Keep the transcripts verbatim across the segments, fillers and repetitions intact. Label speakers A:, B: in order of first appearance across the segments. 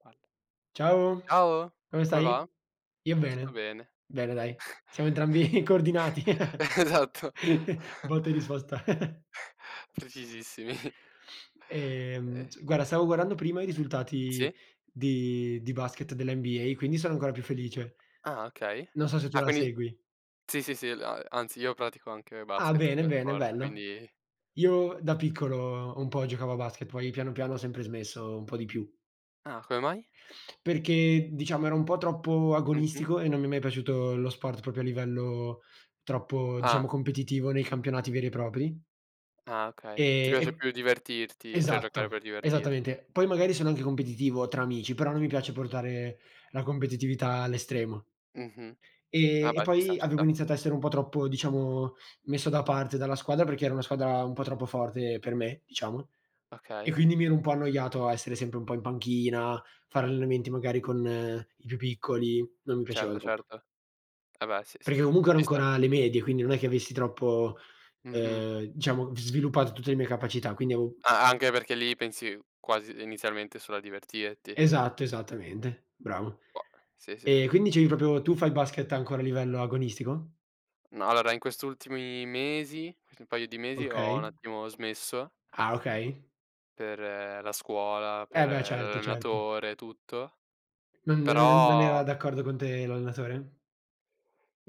A: Quando
B: Ciao.
A: Ciao.
B: Come
A: Come
B: stai?
A: va?
B: Io
A: Tutto
B: bene.
A: bene.
B: Bene dai, siamo entrambi coordinati.
A: Eh, esatto.
B: Botte e risposta.
A: Precisissimi.
B: Ehm,
A: Eh.
B: s guarda stavo guardando prima i risultati
A: Sì?
B: di di basket dell'NBA, quindi sono ancora più felice.
A: Ah okay.
B: Non so se tu
A: Ah
B: la
A: quindi
B: segui.
A: sì, sì, sì, la anzi io pratico anche
B: Ah
A: basket
B: bene,
A: come
B: bene,
A: sport,
B: bello.
A: quindi
B: Io da piccolo un po' giocavo a basket, poi piano piano ho sempre smesso, un po' di più.
A: Ah, come mai?
B: Perché diciamo era un po' troppo
A: Mh-mh.
B: agonistico e non mi è mai piaciuto lo sport propio a livello troppo
A: Ah.
B: diciamo competitivo nei campionati veri e propri.
A: Ah okay, ti
B: Ehm,
A: piace
B: e
A: più divertirti, ceh giocare
B: esatto,
A: per divertir
B: esattamente. Poi magari sono anche competitivo tra amici, però non mi piace portare la competitività all'estremo.
A: Mh-mh. Ah
B: Ehm, e
A: bhe, ci sta,
B: poi
A: ci
B: avevo
A: sta.
B: iniziato a essere un po' troppo, diciamo, messo da parte dalla squadra perché era una squadra un po' troppo forte per me, diciamo. E
A: Okay.
B: quindi mi ero un po' annoiato a essere sempre un po' in panchina, fare allenamenti magari con i più piccoli, non mi piaceva
A: Certo,
B: troppo.
A: certo. Ah beh, sì, sì,
B: Perché
A: sì,
B: comunque ero
A: ci sta.
B: ancora alle medie, quindi non è che avessi troppo,
A: Mh-mh.
B: ehm, diciamo, sviluppato tutte le mie capacità, quindi avo
A: Ah, anche perché lì pensi quasi inizialmente solo a divertirti.
B: Esatto, esattamente, bravo.
A: Boh sì, sì,
B: E
A: sì.
B: quindi dicevi propio, tu fai basket ancora a livello agonistico?
A: Ma allora in quest' ultimi mesi, quasi un paio di mesi, ho un
B: Okay.
A: attimo smesso
B: Ah okay.
A: per la scuola,
B: E
A: per
B: beh, certo, certo.
A: l'allenatore e tutto;
B: Non er non era
A: però
B: d'accordo con te l'allenatore?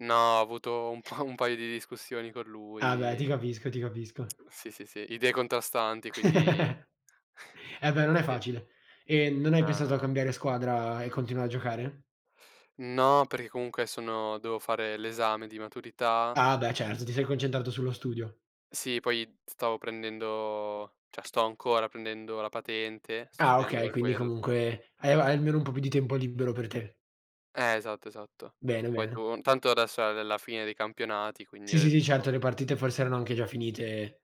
A: No, ho avuto un po' un paio di discussioni con
B: Ah beh, ti
A: lui.
B: capisco, ti capisco.
A: Sì, sì, sì, idee contrastanti quindi
B: Eh beh non è
A: Sì.
B: facile. E non hai
A: Ah
B: pensato a
A: no.
B: cambiare squadra e continuare a giocare?
A: No, perché comunque sono dovevo fare l'esame di maturità
B: Ah beh certo, ti sei concentrato sullo studio.
A: Sì, poi stavo prendendo ceh sto ancora prendendo la patente, sto
B: Ah
A: studiando
B: okay,
A: per
B: quindi
A: quel
B: comunque hai almeno un po' più di tempo libero per te.
A: Eh, esatto, esatto.
B: Bene,
A: Poi
B: bene.
A: tun tanto adesso è è la fine dei campionati, quindi
B: Sì,
A: ho
B: sì, sì,
A: detto
B: certo le partite forse erano anche già finite.